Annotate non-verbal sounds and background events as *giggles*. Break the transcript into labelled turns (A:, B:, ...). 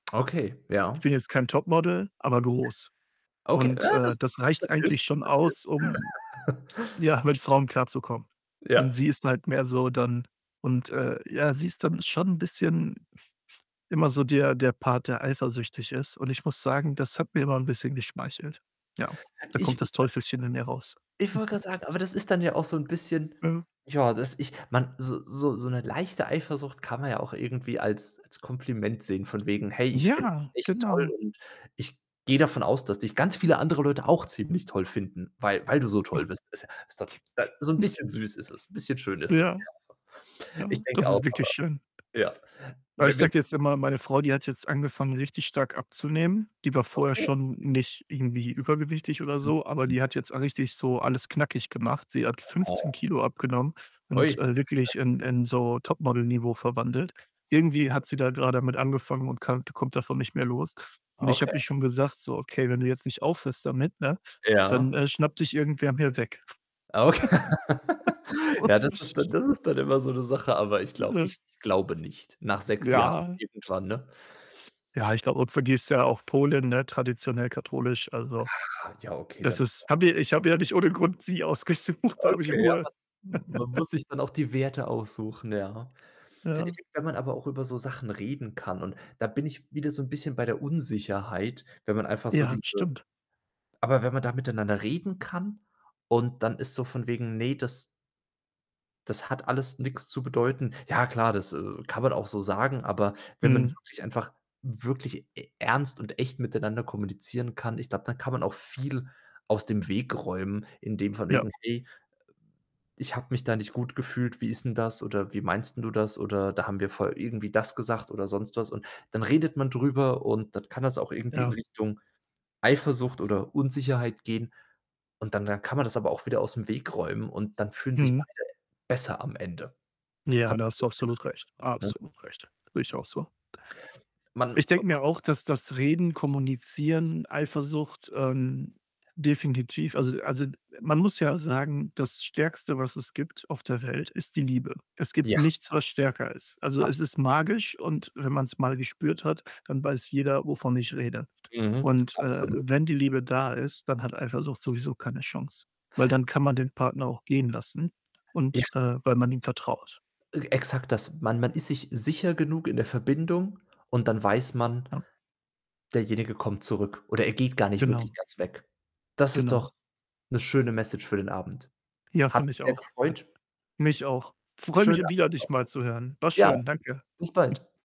A: Okay, ja.
B: Ich bin jetzt kein Topmodel, aber groß
A: Okay.
B: und,
A: Ja, das
B: äh, das reicht
A: das hilft
B: eigentlich schon
A: das hilft.
B: aus, um
A: *laughs*
B: ja, mit Frauen klarzukommen
A: Ja.
B: und sie ist halt mehr so dann und, äh, ja, sie ist dann schon 'n bisschen *chuckles* immer so der der Part, der eifersüchtig ist, und ich muss sagen, das hat mir immer 'n bisschen geschmeichelt. Ja, da kommt
A: Ich ich
B: das
A: woll
B: Teufelchen in mir raus.
A: ich wollte
B: *giggles*
A: grad sagen, aber das ist dann ja auch so 'n bisschen
B: Mhm.
A: ja, dass ich man so so so 'ne leichte Eifersucht kann man ja auch irgendwie als als Kompliment sehen von wegen: „Hey, ich finde
B: Ja,
A: dich toll
B: genau.
A: und ich gehe davon aus, dass dich ganz viele andere Leute auch ziemlich toll finden, weil weil du so toll
B: *chuckles*
A: bist.“ Ist ja ist doch äh, so 'n
B: *snorts*
A: bisschen süß ist es, bisschen schön ist es,
B: Ja,
A: ja.. *unintelligible* Ich
B: ja, das
A: denke auch,
B: ist
A: aber
B: wirklich schön.
A: ja.
B: Weil ich
A: We
B: sage
A: wenn
B: dir jetzt einmal: Meine Frau, die hat jetzt angefangen, richtig stark abzunehmen. Die war vorher
A: Okay.
B: schon nicht irgendwie übergewichtig oder so, aber
A: Mhm.
B: die hat jetzt richtig so alles knackig gemacht. Sie hat 15
A: Oho.
B: Kilo abgenommen
A: Oi,
B: und, äh, wirklich
A: Respekt.
B: in in so Top-Model-Niveau verwandelt. Irgendwie hat sie da grade damit angefangen und kann kommt davon nicht mehr los und ich
A: Okay.
B: habe ihr schon gesagt: „So, okay, wenn du jetzt nicht aufhörst damit, ne, dann,
A: Ja.
B: äh, schnappt dich irgendwer mir weg.”
A: Okay.
B: *laughs*
A: *laughs*
B: So
A: Ja, das ist
B: ist
A: dann
B: *laughs*
A: das ist dann immer so 'ne Sache, aber ich glaube
B: *unintelligible*
A: ich glaube nicht. Nach 6 Jahren
B: Ja.
A: irgendwann, ne?
B: Ja, ich glaube, und für die ist ja auch Polen, ne, traditionell katholisch, also,
A: Ah, ja, okay, dann
B: das
A: ist sie
B: ist
A: aber
B: habe ja ich habe ja nicht ohne Grund sie ausgesucht, da habe ich
A: Okay, ja, man
B: Ruhe.
A: m man
B: *laughs*
A: muss sich dann auch die Werte aussuchen, ja.
B: Ja.
A: *unintelligible* aber auch über so Sachen reden kann, und da bin ich wieder so 'n bisschen bei der Unsicherheit, wenn man einfach so
B: Ja,
A: diese
B: stimmt.
A: aber wenn man da miteinander reden kann und dann ist so von wegen: „Ne, das” „das hat alles nix zu bedeuten.” Ja klar, das, äh, kann man auch so sagen, aber wenn man
B: Mhm.
A: wirklich einfach wirklich e ernst und echt miteinander kommunizieren kann, ich glaube, da kann man auch viel aus dem Weg räumen, in dem von
B: Ja.
A: wegen: „Hey, äh, ich habe mich da nicht gut gefühlt, wie ist 'n das oder wie meinst 'n du das?“, oder: „Da haben wir voll irgendwie das gesagt” oder sonst was, und dann redet man drüber und dann kann das auch irgendwie in
B: Ja.
A: Richtung Eifersucht oder Unsicherheit gehen und dann dann kann man das aber auch wieder aus'm Weg räumen und dann fühlen sich
B: Mhm.
A: beide besser am Ende.
B: Ja,
A: Habe
B: da
A: ich
B: hast
A: so
B: du
A: den
B: absolut recht
A: Eindruck, ne?
B: absolut recht. Sehe ich auch so.
A: Man
B: Ich
A: noch
B: denke
A: was
B: mir auch, dass das Reden, Kommunizieren, Eifersucht, ähm, definitiv also also, man muss ja sagen, das Stärkste, was es gibt auf der Welt, ist die Liebe. Es
A: Ja.
B: gibt nichts, was stärker ist. Also, es ist
A: Absolut.
B: magisch und wenn man's mal gespürt hat, dann weiß jeder, wovon ich rede.
A: Mhm,
B: Und, äh,
A: absolut.
B: wenn die Liebe da ist, dann hat Eifersucht sowieso keine Chance, weil, dann kann man den Partner auch gehen lassen
A: Ja.
B: und, äh weil man ihm vertraut.
A: Äh, exakt das. Man man ist sich sicher genug in der Verbindung und dann weiß man
B: Ja.
A: derjenige kommt zurück oder er geht gar nicht wirklich
B: Genau.
A: ganz weg. Das ist doch
B: Genau.
A: 'ne schöne Message für den Abend.
B: Ja,
A: Hat
B: finde ich
A: mich sehr
B: auch. Hat
A: gefreut
B: mich auch. Freue
A: Schönen
B: mich
A: Abend
B: wieder, dich mal zu hören. War
A: noch. Ja,
B: schön, danke.
A: bis
B: *chuckles*
A: bald.